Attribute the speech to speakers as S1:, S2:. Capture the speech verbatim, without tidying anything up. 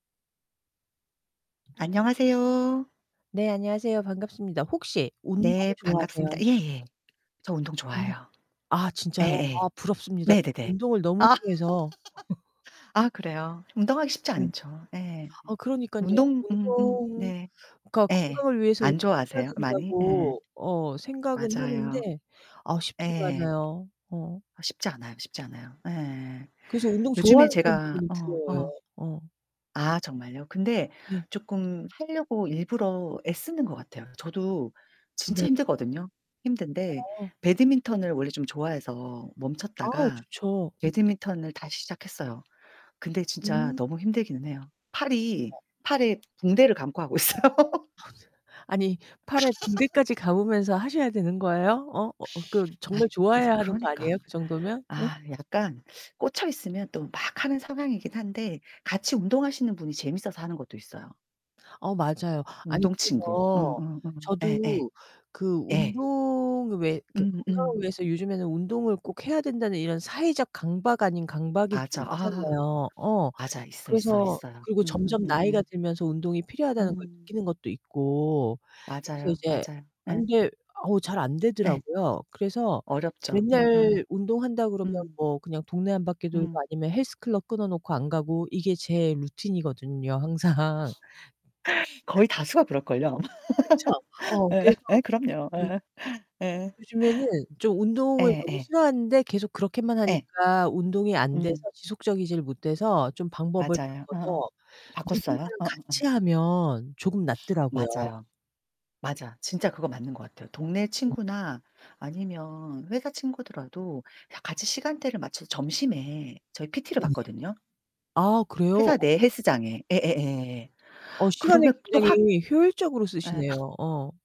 S1: 안녕하세요.
S2: 네 안녕하세요. 반갑습니다. 혹시 운동
S1: 네 반갑습니다.
S2: 좋아하세요?
S1: 예예. 저 운동
S2: 음.
S1: 좋아해요
S2: 아 진짜요?
S1: 예예.
S2: 아 부럽습니다.
S1: 네네네.
S2: 운동을 너무
S1: 아
S2: 싫어해서.
S1: 아 그래요? 운동하기 쉽지
S2: 네.
S1: 않죠 예.
S2: 아 그러니깐요.
S1: 운동 음 음
S2: 운동
S1: 네
S2: 그니까
S1: 예.
S2: 건강을 위해서
S1: 안
S2: 운동을 해야
S1: 좋아하세요? 많이? 예.
S2: 된다고 어 생각은
S1: 맞아요.
S2: 하는데 아 쉽지가
S1: 예.
S2: 않아요. 어
S1: 쉽지 않아요 쉽지 않아요 예.
S2: 그래서 운동
S1: 요즘에
S2: 좋아하는
S1: 제가
S2: 사람들이
S1: 어
S2: 부러워요.
S1: 어
S2: 어.
S1: 아 정말요? 근데
S2: 네.
S1: 조금 하려고 일부러 애 쓰는거 같아요. 저도 진짜
S2: 네네.
S1: 힘들거든요. 힘든데
S2: 어.
S1: 배드민턴을 원래 좀 좋아해서
S2: 아
S1: 멈췄다가
S2: 좋죠. 음.
S1: 배드민턴을 다시 시작했어요. 근데 진짜
S2: 음.
S1: 너무 힘들기는 해요. 팔이
S2: 아
S1: 팔에 붕대를 감고 하고 있어요.
S2: 아니 팔에 붕대까지 감으면서 하셔야 되는 거에요? 어? 어어 그
S1: 아
S2: 정말
S1: 이제
S2: 좋아해야 하는 거
S1: 그러니까.
S2: 아니에요? 그 정도면? 응?
S1: 아 약간 꽂혀있으면 또 막 하는 상황이긴 한데 같이 운동하시는 분이 재밌어서 하는 것도 있어요.
S2: 어 맞아요. 아니
S1: 운동친구.
S2: 그래서
S1: 응응응 예예.
S2: 저도 그
S1: 예.
S2: 운동을 왜 이렇게 건강을
S1: 음음.
S2: 위해서 요즘에는 운동을 꼭 해야 된다는 이런 사회적 강박 아닌 강박이 좀
S1: 맞아 아.
S2: 있잖아요. 어.
S1: 맞아. 있어, 있어,
S2: 그래서
S1: 있어요.
S2: 그리고 점점 나이가
S1: 음음음음.
S2: 들면서 운동이 필요하다는 걸
S1: 음.
S2: 느끼는 것도 있고. 그래서
S1: 맞아요,
S2: 이제
S1: 맞아요.
S2: 아
S1: 네.
S2: 근데 어 잘
S1: 네.
S2: 안되더라고요. 그래서
S1: 어렵죠. 음음.
S2: 맨날 운동한다 그러면
S1: 음.
S2: 뭐 그냥 동네 한 바퀴 돌고
S1: 음.
S2: 아니면 헬스클럽 끊어 놓고 안 가고 이게 제 루틴이거든요. 항상.
S1: 거의 다수가 그럴걸요 아마.
S2: 그쵸. 어
S1: 예.
S2: 그래서
S1: 예 그럼요.
S2: 음.
S1: 예예. 예.
S2: 요즘에는 좀 운동을 너무
S1: 예예.
S2: 싫어하는데 계속 그렇게만
S1: 예.
S2: 하니까 운동이 안 돼서
S1: 음.
S2: 지속적이지를 못해서 좀 방법을
S1: 맞아요. 어
S2: 바꿔서
S1: 바꿨어요?
S2: 누군가랑
S1: 어어어
S2: 같이하면 조금 낫더라고요.
S1: 맞아요. 맞아 진짜 그거 맞는 것 같아요. 동네 친구나 아니면 회사 친구더라도 같이 시간대를 맞춰서 점심에 저희 PT를
S2: 네네.
S1: 받거든요.
S2: 아 그래요?
S1: 회사 내 헬스장에 예예예.
S2: 어 시간을
S1: 그러면 또 확
S2: 굉장히 효율적으로
S1: 예.
S2: 쓰시네요. 어.